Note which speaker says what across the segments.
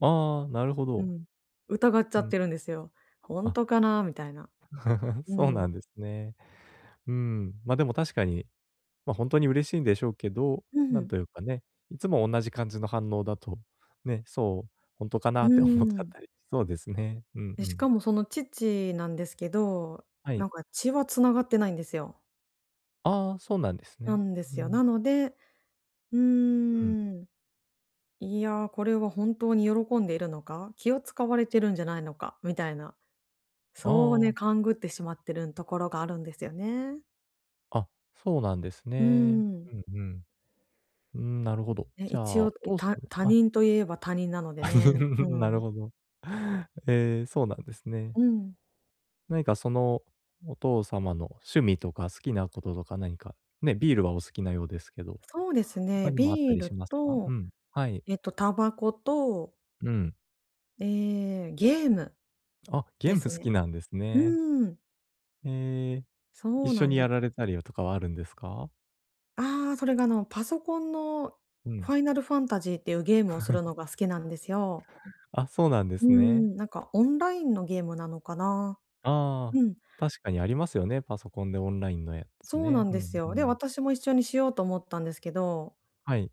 Speaker 1: ああ、なるほ
Speaker 2: う
Speaker 1: ど。
Speaker 2: ん、疑っちゃ
Speaker 1: う
Speaker 2: っ
Speaker 1: ん。
Speaker 2: てるんですよ。「ほん
Speaker 1: あ。
Speaker 2: とかな？」みたいな。う
Speaker 1: そうな
Speaker 2: ん。
Speaker 1: んですね。うーん、ま、でも確かに、ま、ほんとに嬉しいんでしょうけど、
Speaker 2: うんう
Speaker 1: なん
Speaker 2: ん。
Speaker 1: というかね、いつもおんなじ感じの反応だと、ね、そう、「ほんとか
Speaker 2: う
Speaker 1: な？」
Speaker 2: ー
Speaker 1: って思っちゃっ
Speaker 2: ん。
Speaker 1: たりそうですね、うん、
Speaker 2: で、
Speaker 1: う
Speaker 2: し
Speaker 1: ん。
Speaker 2: かもその父なんですけど、
Speaker 1: は
Speaker 2: な
Speaker 1: い。
Speaker 2: んか血は繋がってないんですよ。
Speaker 1: ああ、そうなんです
Speaker 2: な
Speaker 1: ね。
Speaker 2: んで
Speaker 1: う
Speaker 2: すよ。な
Speaker 1: ん。
Speaker 2: ので、「うー
Speaker 1: うん。
Speaker 2: ん、いや、これは本当に喜んでいるのか？気を使われてるんじゃないのか？」みたいな、
Speaker 1: あ
Speaker 2: そう、
Speaker 1: ああ
Speaker 2: ね、
Speaker 1: あ。
Speaker 2: 勘繰ってしまってるんところがあるんですよね。
Speaker 1: あ、そうなんです
Speaker 2: うー
Speaker 1: ね。
Speaker 2: ん。
Speaker 1: うん、うん。うーん、なるほど、
Speaker 2: ね、
Speaker 1: じゃ
Speaker 2: 一
Speaker 1: あ、
Speaker 2: 応、
Speaker 1: お
Speaker 2: ん、
Speaker 1: 父さ
Speaker 2: た
Speaker 1: ん
Speaker 2: 他
Speaker 1: あ。
Speaker 2: 人といえば他人なの
Speaker 1: あ、
Speaker 2: でね、う
Speaker 1: なる
Speaker 2: ん。
Speaker 1: ほど。ええ、そうなんですね。
Speaker 2: うん。
Speaker 1: 何か、その、お父様の趣味とか好きなこととか何か、ね、ビールはお好きなようですけど、
Speaker 2: そうです
Speaker 1: 他
Speaker 2: ね、
Speaker 1: にもあった
Speaker 2: ビー
Speaker 1: りし
Speaker 2: ル
Speaker 1: ますか？う
Speaker 2: と
Speaker 1: ん、はい。
Speaker 2: えっとタバコと
Speaker 1: うん。
Speaker 2: ええ、ゲーム
Speaker 1: あ、ゲ
Speaker 2: で
Speaker 1: ーム
Speaker 2: す
Speaker 1: 好
Speaker 2: ね。
Speaker 1: きなんです
Speaker 2: う
Speaker 1: ね。
Speaker 2: ーん。
Speaker 1: へえ、
Speaker 2: そ
Speaker 1: 一
Speaker 2: う
Speaker 1: 緒
Speaker 2: なん
Speaker 1: に
Speaker 2: で
Speaker 1: やられたりはとかはあるんですか？
Speaker 2: ああ、それが、あの、パソコンの
Speaker 1: う
Speaker 2: フ
Speaker 1: ん。
Speaker 2: ァイナルファンタジーっていうゲームをする のが好きなんですよ。
Speaker 1: あ、そうなんで
Speaker 2: うー
Speaker 1: すね。
Speaker 2: ん、なんかオンラインのゲームなのかな。
Speaker 1: あ
Speaker 2: う
Speaker 1: あ、
Speaker 2: ん。
Speaker 1: 確かにありますよね、パソコンでオンラインのやつ
Speaker 2: そうな
Speaker 1: ね。
Speaker 2: ん
Speaker 1: ふ
Speaker 2: です
Speaker 1: ん、う
Speaker 2: よ。で、
Speaker 1: ん。
Speaker 2: 私も一緒にしようと思ったんですけど
Speaker 1: はい。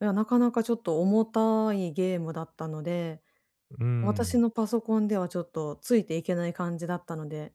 Speaker 2: いや、なかなかちょっと重たいゲームだったので、
Speaker 1: うー
Speaker 2: 私
Speaker 1: ん。
Speaker 2: のパソコンではちょっとついていけない感じだったので